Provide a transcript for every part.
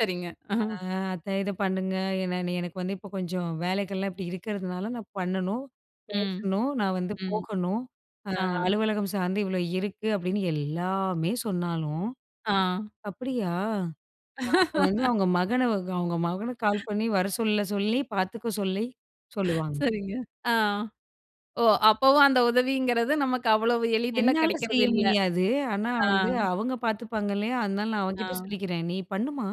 சரிங்க. ஆ. ஆ, அத்த இத பண்ணுங்க. என்ன எனக்கு வந்து, இப்போ கொஞ்சம் வேலைகள்லாம் இப்பிடி இருக்கிறதுனால, நான் பண்ணணும், ம், பேசணும், நான் வந்து ம், போகணும். அ ஆ. அலுவலகம் சார்ந்து இவ்ளோ இருக்கு. அப்பிடின்னு எல்லாமே சொன்னாலும், ஆ. அப்பிடியா! அப்ப வந்து, அவுங்க மகன, அவுங்க மகனுக்கு கால் பண்ணி வர சொல்ல சொல்லி, பார்த்துக்க சொல்லி சொல்லுவாங்க. சரிங்க ஆ. ஓ! அப்பவும் அந்த உதவிங்கிறது நமக்கு அவ்வளவு எளிதில என்னால கெடைக்கிறது செய்ய இல்ல. முடியாது. ஆனா, ஆ. வந்து அவுங்க பார்த்துப்பாங்க இல்லயா! அதனால நான் ஆ. அவன்கிட்ட சொல்லிக்கிறேன். நீ பண்ணுமா,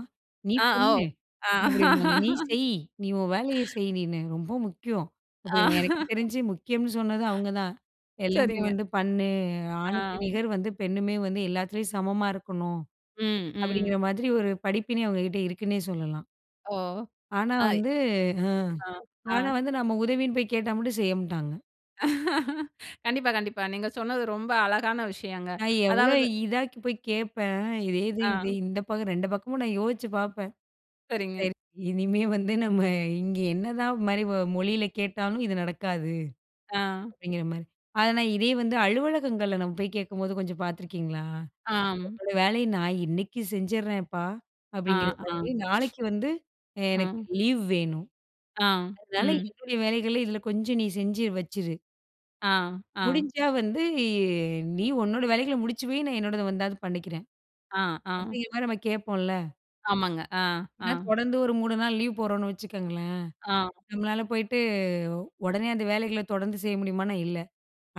நீ ஆ. பண்ணு ஓ! அ. அப்பிடிம்பாங்க. நீ செய். நீ உன் வேலைய செய் நீனு ரொம்ப முக்கியம். அப்பிடின்னு எனக்கு தெரிஞ்சு முக்கியம்ன்னு சொன்னது அவுங்க தான். "எல்லாமே சரிங்க. வந்து பண்ணு, ஆணுக்கு ஆ. நிகர் வந்து பெண்ணுமே வந்து எல்லாத்துலயும் சமமா இருக்கணும்." ம், ம். அப்பிடிங்கிற மாதிரி ஒரு படிப்பினே அவுங்க கிட்ட இருக்குன்னே சொல்லலாம். ஓ! ஆனா, ஆ. வந்து ம். அ ஆனா, அ. வந்து நம்ம உதவின்னு போய் கேட்டா மட்டும் செய்ய மாட்டாங்க. கண்டிப்பா, கண்டிப்பா. நீங்க சொன்னது ரொம்ப அழகான விஷயங்க. நான் எவ்ளோ அதாவது இதா போய் கேட்பேன். இதே இது, ஆ. இது இந்த பக்கம் 2 பக்கமும் நான் யோசிச்சு பார்ப்பேன். சரிங்க. சரி இனிமே வந்து, நம்ம இங்க என்னதான் மாரி மொழியில கேட்டாலும் இது நடக்காது. ஆ. அப்பிடிங்கிற மாரி. ஆனா, நான் இதே வந்து அலுவலகங்கள்ல நம்ம போய் கேட்கும்போது கொஞ்சம் பார்த்துருக்கீங்களா? ஆம். உங்களோட வேலைய நான் இன்னக்கி செஞ்சிரேன்ப்பா, ஆ அப்பிடிங்கிற ஆ மாரி நாளைக்கு வந்து, அ ஆ. எனக்கு லீவ் வேணும். ஆ. அதனால ம். என்னுடைய வேலைகள இதில கொஞ்சம் நீ செஞ்சு வச்சுரு. ஆ, ஆ. "முடிஞ்சா வந்து, நீ உன்னோட வேலைகள முடிச்சு வை, நான் என்னோடத வந்தாவது பண்ணிக்கிறேன்." அ ஆ. அப்பிடிங்கிற மாரி நம்ம கேப்போம்ல. ஆமாங்க. ஆ, ஆ. ஏன்னா, தொடர்ந்து ஒரு 3 நாள் லீவ் போடுறோம்னு வச்சுக்கோங்களேன். ஆ. நம்மளால போயிட்டு, உடனே அந்த வேலைகள தொடர்ந்து செய்ய முடியுமானா, இல்ல.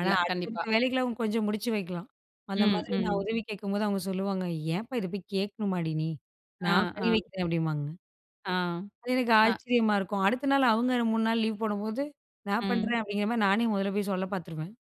ஆனா, இல்ல, கண்டிப்பா. அடுத்தடுத்த வேலைகள கொஞ்சம் அவுங்க முடிச்சு வைக்கலாம். அந்த ம், மாதிரி நான் ம். உதவி கேட்கும்போது, அவுங்க சொல்லுவாங்க. ஏன்ப்பா! இத போய் கேட்கணுமாடி நீ! அ, நான் பண்ணி ஆ. வைக்கிறேன் அப்பிடிம்பாங்க. ஆ, அது எனக்கு அ. ஆச்சரியமா இருக்கும். அடுத்த நாள், அவுங்க 3 நாள் லீவ் போடும்போது, நான் பண்றேன். ம். அப்பிடிங்கிற மாதிரி, நானே முதல்ல போய் சொல்ல பார்த்துருவேன்.